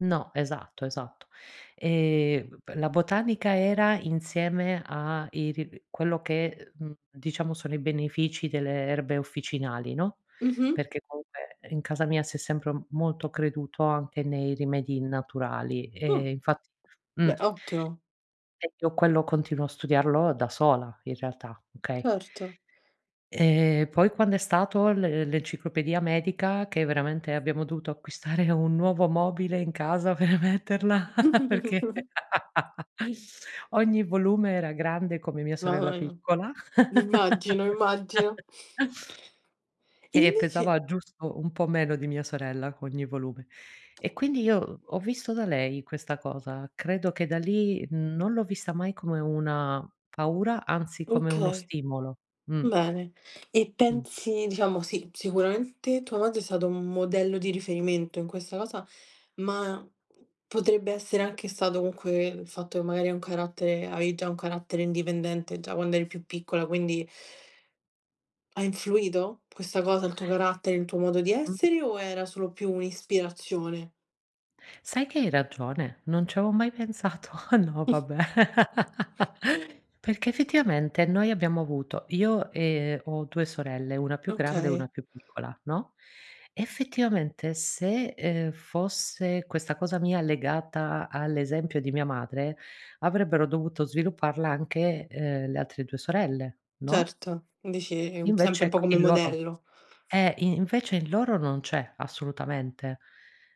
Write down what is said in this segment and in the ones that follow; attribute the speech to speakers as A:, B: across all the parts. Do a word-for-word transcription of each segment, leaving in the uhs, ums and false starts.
A: No, esatto, esatto. Ehm b la botanica era insieme a iri quello che e uhm diciamo sono i benefici delle erbe officinali, no,
B: Mh-mh.
A: perché comunque in casa mia si è sempre m molto creduto anche nei rimedi naturali, ehm,
B: No.
A: infatti mh.
B: Beh ottimo.
A: E io quello continuo a studiarlo da sola in realtà, okay?
B: Certo.
A: Ehm poi quando è stato l l'enciclopedia medica che veramente abbiamo dovuto acquistare un nuovo mobile in casa per metterla perché ogni volume era grande come mia sorella
B: Dai.
A: piccola
B: Immagino, immagino. E
A: e
B: invece
A: pesava giusto un po' meno di mia sorella, ogni volume. E quindi io ho visto da lei, questa cosa. Credo che da lì, uhm non l'ho vista mai come una paura, anzi come uno
B: Okay,
A: stimolo mh.
B: bene. E
A: Mh.
B: pensi, diciamo sì, sicuramente tua madre è stato un modello di riferimento in questa cosa, ma p potrebbe essere anche stato comunque il fatto che magari hai un carattere avevi già un carattere indipendente già quando eri più piccola, quindi ha influito questa cosa, il tuo carattere, il tuo modo di
A: Mh.
B: essere o era solo più un'ispirazione.
A: Sai che hai ragione, non ci avevo mai pensato. No, vabbè. Perché, effettivamente, noi abbiamo avuto- io, ehm, ho due sorelle, una più grande e una
B: Okay.
A: più piccola, no, effettivamente, se, ehm, fosse questa cosa mia legata all'esempio di mia madre, avrebbero dovuto svilupparla anche, ehm, le altre due sorelle, no?
B: Certo, dici,
A: Invece,
B: sempre un po'
A: ecc
B: come
A: in loro
B: modello.
A: Eh, in invece, in loro non c'è, assolutamente.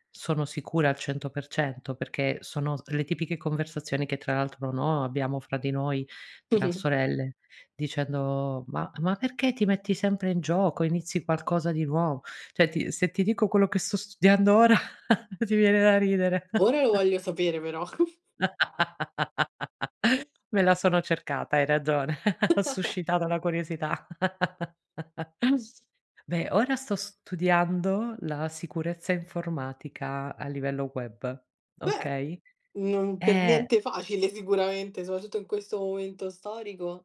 A: Sono sicura al cento per cento perché sono s le tipiche conversazioni che, tra l'altro, no, abbiamo fra di noi, tra sorelle, dicendo: “Ma ma perché ti metti sempre in gioco, inizi qualcosa di nuovo?” Cioè, ti se ti dico quello che sto studiando ora, ti viene da ridere.
B: Ora lo voglio sapere però.
A: Me la sono cercata, hai ragione, ho suscitato la curiosità. Beh, ora sto studiando la sicurezza informatica a livello web,
B: Beh,
A: okay.
B: non per
A: Eh.
B: niente facile sicuramente, soprattutto in questo momento storico.